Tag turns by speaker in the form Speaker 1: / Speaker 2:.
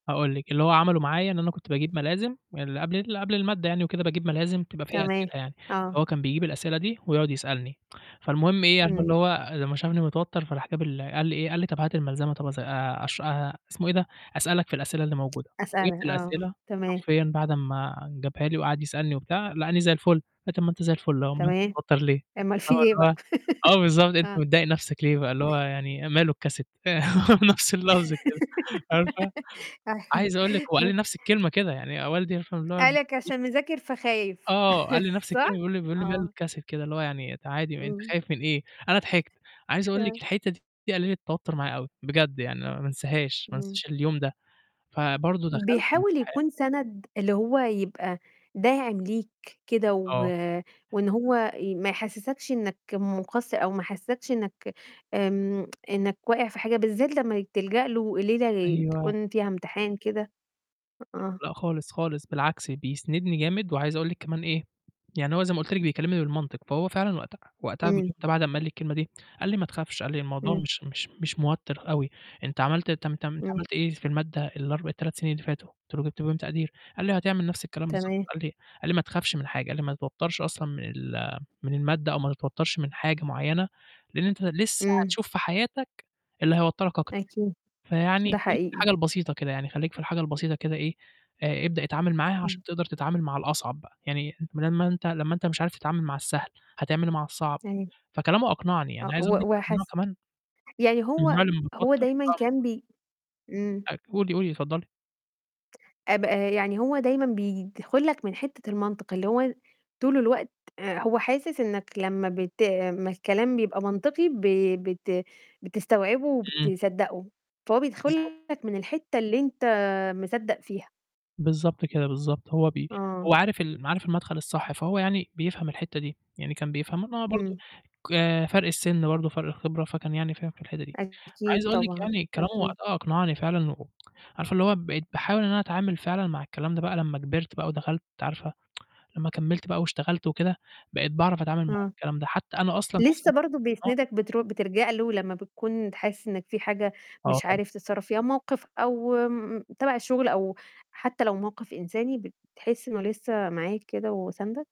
Speaker 1: هاقول لِك، اللي هو عمله معايا إن أنا كنت باجيب
Speaker 2: امم.
Speaker 1: ملازم من اللي قبل ال اللي قبل المادة يعني وكده، باجيب ملازم تبقى فيها
Speaker 2: تمام،
Speaker 1: أسئلة يعني،
Speaker 2: آه.
Speaker 1: فهو كان بيجيب الأسئلة دي ويقعد يسألني فالمهم إيه، عارفة
Speaker 2: إمم.
Speaker 1: اللي هو لمّا شافني متوتّر فراح جاب ال قال لي إيه، قال لي طَب هات الملزمة طَب أذا آآ، أشرَ آآ، اسمه إيه ده، أسألك في الأسئلة اللي موجودة، جِبت
Speaker 2: أسألك، آه. آه،
Speaker 1: الأسئلة
Speaker 2: تمام.
Speaker 1: حرفيَا بعد أمّا جابها لي وقاعد يسألني وبتاع لقاني زي الفُل، قال لي طَب ما أنت زي الفُل أهُو أُومال أنت
Speaker 2: تمام.
Speaker 1: متوتر ليه؟
Speaker 2: أُومّال في إيه بقى؟
Speaker 1: آه بالضبط أنت
Speaker 2: آه.
Speaker 1: متضايق نفسك ليه؟ اللي هو يعني ماله الcassette هو نفس اللفظ كده، عارفة؟
Speaker 2: أيوه
Speaker 1: عايز أقول لِك هو قال لي نفس الكلمة كده يعني آآ، ولدي عارفة اللي هو
Speaker 2: قال لك
Speaker 1: يي
Speaker 2: عشان مذاكر فخايف،
Speaker 1: آه قال لي نفس
Speaker 2: صح؟
Speaker 1: كلمة بيقول لي، بيقول لي ما له
Speaker 2: آه.
Speaker 1: الcassette كده اللي هو يعني ت عادي أنت
Speaker 2: إمم.
Speaker 1: خايف من إيه؟ أنا ضحكت، عايز أقول لِك
Speaker 2: ثآه.
Speaker 1: الحِتّة دي قللِت توتر معايا أوي، بجد يعني، ما انساهاش، ما
Speaker 2: إمم.
Speaker 1: انساش اليوم ده. فبرضه دخلت
Speaker 2: بيحاول
Speaker 1: [unintelligible]
Speaker 2: يكون سَند اللي هو يبقى داعم ليك كده و
Speaker 1: آه.
Speaker 2: وإن هو آآ ما يحسسكش إنك مُقصّر أو ما يحسسكش إنّك آمم إنّك واقع في حاجة، بالذات لمّا تلجأ له في ليلة
Speaker 1: أيوه.
Speaker 2: تكون فيها امتحان كده آه.
Speaker 1: لا خالص، خالص، بالعكس بيسندني جامد، وعايز أقول لِك كمان إيه يعني هو زي ما قُلت لِك بيكلمني بالمنطق، فهو فعلًا وقت وقتها
Speaker 2: إمم.
Speaker 1: بعد أمّا قال لي الكلمة دي، قال لي: "ما تخافش" قال لي: "الموضوع
Speaker 2: إمم.
Speaker 1: مش مش مش موتّر أوي، أنت عملت تم تم أنت
Speaker 2: إمم.
Speaker 1: عملت إيه في المادة ال4 ال3 سنين اللي فاتوا؟" قُلت له. "جبت فيهم تقدير." قال لي: "هتعمل نفس الكلام بالضبط"
Speaker 2: تمام.
Speaker 1: قال لي قال لي: "ما تخافش من حاجة" قال لي: "ما تتوترش أصلًا من ال من المادة، أو ما تتوترش من حاجة معينة لإن أنت لسه
Speaker 2: إمم.
Speaker 1: هتشوف في حياتك اللي هيوتّرك أكتر،
Speaker 2: أكيد،
Speaker 1: فيعني
Speaker 2: ده
Speaker 1: خلّيك في
Speaker 2: حقيقي.
Speaker 1: الحاجة البسيطة كده يعني، خلّيك في الحاجة البسيطة كده إيه آآ، ابدأ اتعامل معاها
Speaker 2: إمم.
Speaker 1: عشان تقدر تتعامل مع الأصعب بقى، يعني أنت بدال ما أنت لمّا أنت مش عارف تتعامل مع السهل، هتعمل إيه مع الصعب؟"
Speaker 2: أيوه
Speaker 1: فكلامه أقنعني
Speaker 2: آه،
Speaker 1: يعني عايز
Speaker 2: هو
Speaker 1: أقول لِك
Speaker 2: هو
Speaker 1: إن أنا
Speaker 2: حَسّ
Speaker 1: كمان
Speaker 2: يعني
Speaker 1: من النوع
Speaker 2: هو
Speaker 1: اللي لما
Speaker 2: هو
Speaker 1: باتوتّر
Speaker 2: دايمًا كان
Speaker 1: [unintelligible]
Speaker 2: بي امم.
Speaker 1: [unintelligible] قولي، قولي، اتفضّلي.
Speaker 2: آب آآ، يعني هو دايمًا بيدخل لك من حِتّة المنطق، اللي هو طول الوقت آآ هو حاسس إنّك لمّا بت آآ لمّا الكلام بيبقى منطقي ب بت بتستوعبه
Speaker 1: إمم.
Speaker 2: وبتصدقه، فهو بيدخل
Speaker 1: بالضبط.
Speaker 2: لك من الحِتّة اللي أنت مصدّق فيها.
Speaker 1: بالضبط كده، بالضبط. هو ب
Speaker 2: آه.
Speaker 1: هو عارف ال م عارف المدخل الصح، فهو يعني بيفهم الحِتّة دي، يعني كان بيفهم ما برضه
Speaker 2: إمم.
Speaker 1: ك فرق السن برضه فرق الخبرة فكان يعني فاهم في الحِتّة دي، عايز
Speaker 2: أكيد
Speaker 1: أقول لِك
Speaker 2: طبعًا،
Speaker 1: يعني كلامه
Speaker 2: أكيد.
Speaker 1: وقتها أقنعني فعلًا و عارفة اللي هو بقيت باحاول إن أنا أتعامل فعلًا مع الكلام ده بقى لمّا كبرت بقى ودخلت عارفة لمّا كمّلت بقى واشتغلت وكده، بقيت باعرف أتعامل مع
Speaker 2: آه.
Speaker 1: الكلام ده، حتى أنا أصلًا عايز
Speaker 2: لسه
Speaker 1: أقول لِك
Speaker 2: برضه
Speaker 1: [unintelligible] آه.
Speaker 2: بيسندك بترو بتلجأ له لمّا بتكون ت حاسس إنّك في حاجة
Speaker 1: آه
Speaker 2: مش
Speaker 1: طبعًا.
Speaker 2: عارف تتصرف فيها، موقف أو تبع الشغل، أو حتى لو موقف إنساني، بتحس إنه لسه معاك كده، وساندك؟